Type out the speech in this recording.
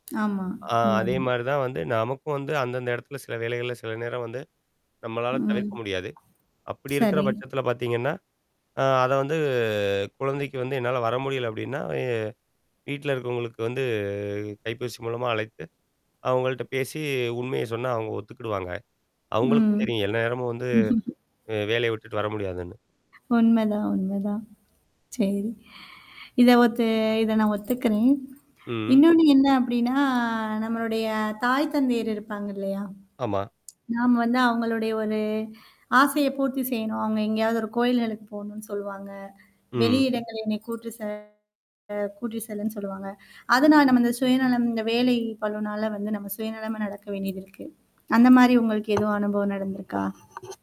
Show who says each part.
Speaker 1: ஆமா.
Speaker 2: ஆ அதே
Speaker 1: உண்மைதான்.
Speaker 2: மாரி தான் வந்து நமக்கும் வந்து அந்தந்த இடத்துல சில வேலைகள்ல சில நேரம் வந்து நம்மளால
Speaker 1: ம்.
Speaker 2: தவிர்க்க முடியாது. அப்படி இருக்கிற
Speaker 1: சரி.
Speaker 2: பட்சத்தல பார்த்தீங்கன்னா. அ அத வந்து குழந்தைக்கு வந்து என்னால வர முடியல அப்படின்னா, எ வீட்ல இருக்கவங்களுக்கு வந்து கைபேசி மூலமா அழைத்து, அவங்கள்ட்ட பேசி உண்மைய சொன்னா அவங்க ஒத்துக்கிடுவாங்க.
Speaker 1: ம்.
Speaker 2: அவங்களுக்கும் தெரியும். எல்ல நேரமும் வந்து அ வேலைய விட்டுட்டு வர முடியாதுன்னு.
Speaker 1: உண்மைதான் உண்மைதான். சரி. இத ஒத்து இத நான் ஒத்துக்கறேன்.
Speaker 2: ம்.
Speaker 1: இன்னொன்னு என்ன அப்படின்னா, நம்மளுடைய தாய் தந்தையர் இருப்பாங்க இல்லையா?
Speaker 2: ஆமா.
Speaker 1: நாம வந்து அவங்களுடைய ஒரு ஆசைய பூர்த்தி செய்யணும். அவுங்க எங்கேயாவது ஒரு கோயில்களுக்கு போணும்னு சொல்லுவாங்க.
Speaker 2: ம்.
Speaker 1: வெளியிடங்கள் என்னை கூட்டு [unintelligible] கூட்டி செல்லுன்னு சொல்லுவாங்க. அதனால நம்ம இந்த சுயநலம் இந்த வேலை பளுனால வந்து நம்ம சுயநலமா நடக்க வேண்டியது இருக்கு. அந்த மாரி உங்களுக்கு எதுவும் அனுபவம் நடந்திருக்கா?